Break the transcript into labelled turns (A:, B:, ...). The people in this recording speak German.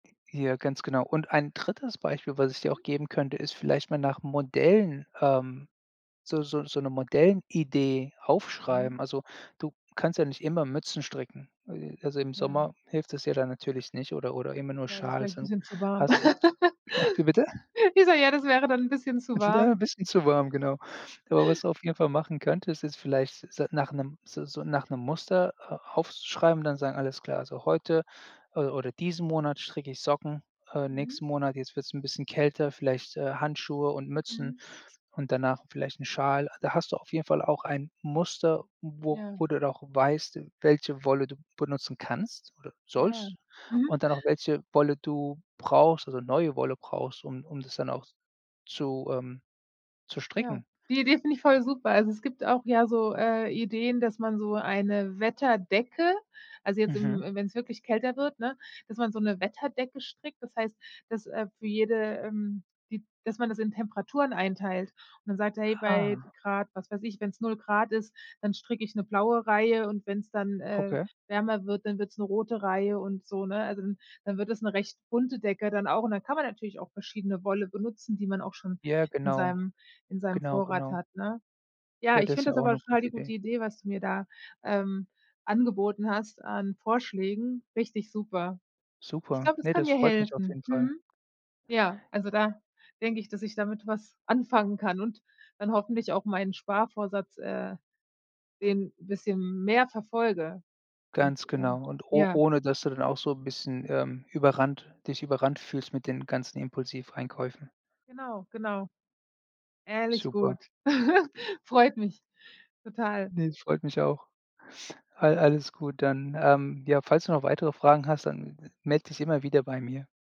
A: Ja, ganz genau. Und ein 3. Beispiel, was ich dir
B: Mhm.
A: auch geben könnte, ist vielleicht mal nach Modellen, ähm, so so so 'ne Modellidee
B: Mhm.
A: aufschreiben. Also, du kannst ja nicht immer Mützen stricken. Also, im
B: Ja.
A: Sommer hilft es dir dann natürlich nicht oder oder immer nur
B: Ja, das ist
A: Schals
B: vielleicht 'n
A: so
B: bisschen zu warm.
A: Hast du wie bitte?
B: Ich sage: „Ja, das wäre dann 'n bisschen zu
A: [unintelligible] 'n
B: warm.”
A: bisschen zu warm, genau. Aber was du auf jeden Fall machen könntest, ist vielleicht s s nach 'nem so so nach 'nem Muster a aufzuschreiben, dann sagen: „Alles klar, heute, äh, oder diesen Monat stricke ich Socken, äh,
B: Mhm.
A: nächsten Monat, jetzt wird's 'n bisschen kälter, vielleicht, äh, Handschuhe und Mützen,
B: Mhm.
A: und danach vielleicht 'n Schal.“ Da hast du auf jeden Fall auch ein Muster, wo
B: Ja.
A: wo du noch weißt, welche Wolle du benutzen kannst oder
B: Ja,
A: sollst.
B: mhm.
A: Und dann auch welche Wolle du brauchst also neue Wolle brauchst, um um das dann auch zu ähm, zu
B: Ja,
A: stricken.
B: die Idee finde ich voll super. Also, es gibt auch ja so, äh, Ideen, dass man so eine Wetterdecke Also, jetzt,
A: Mhm.
B: im im wenn's wirklich kälter wird, ne, dass man so 'ne Wetterdecke strickt, das heißt, dass, äh, für jede, ähm die dass man das in Temperaturen einteilt und dann sagt: „Hey, bei
A: Ah.
B: Grad, was weiß ich, wenn's 0 C ist, dann stricke ich 'ne blaue Reihe und wenn's dann, äh,
A: Okay.
B: wärmer wird, dann wird's 'ne rote Reihe und so“, ne. Also, dann dann wird es 'ne recht bunte Decke dann auch und dann kann man natürlich auch verschiedene Wolle benutzen, die man auch schon
A: Ja,
B: in
A: genau.
B: seinem in seinem
A: Genau,
B: Vorrat
A: genau.
B: hat, ne? Ja,
A: Ja,
B: ich
A: das ist
B: finde
A: ja
B: das
A: auch
B: aber
A: 'ne
B: total
A: gute
B: die
A: Idee.
B: gute Idee, was du mir da, ähm, angeboten hast an Vorschlägen. Richtig super. Ich
A: Super,
B: glaube, das
A: ne,
B: kann
A: das
B: mir
A: freut mich auf
B: helfen,
A: jeden Fall.
B: mhm. Ja, also da denke ich, dass ich damit was anfangen kann und dann hoffentlich auch meinen Sparvorsatz, äh den 'n bisschen mehr verfolge. Und
A: Ganz
B: ähm,
A: genau und o
B: ja
A: ohne dass du dann auch so 'n bisschen, ähm, überrannt dich überrannt fühlst mit den ganzen Impulsiveinkäufen.
B: Genau. Genau. Ehrlich
A: Super.
B: gut. Freut mich. Total.
A: Ne, das freut mich auch. Al alles gut, dann, ähm, ja, falls du noch weitere Fragen hast, dann melde dich immer wieder bei mir.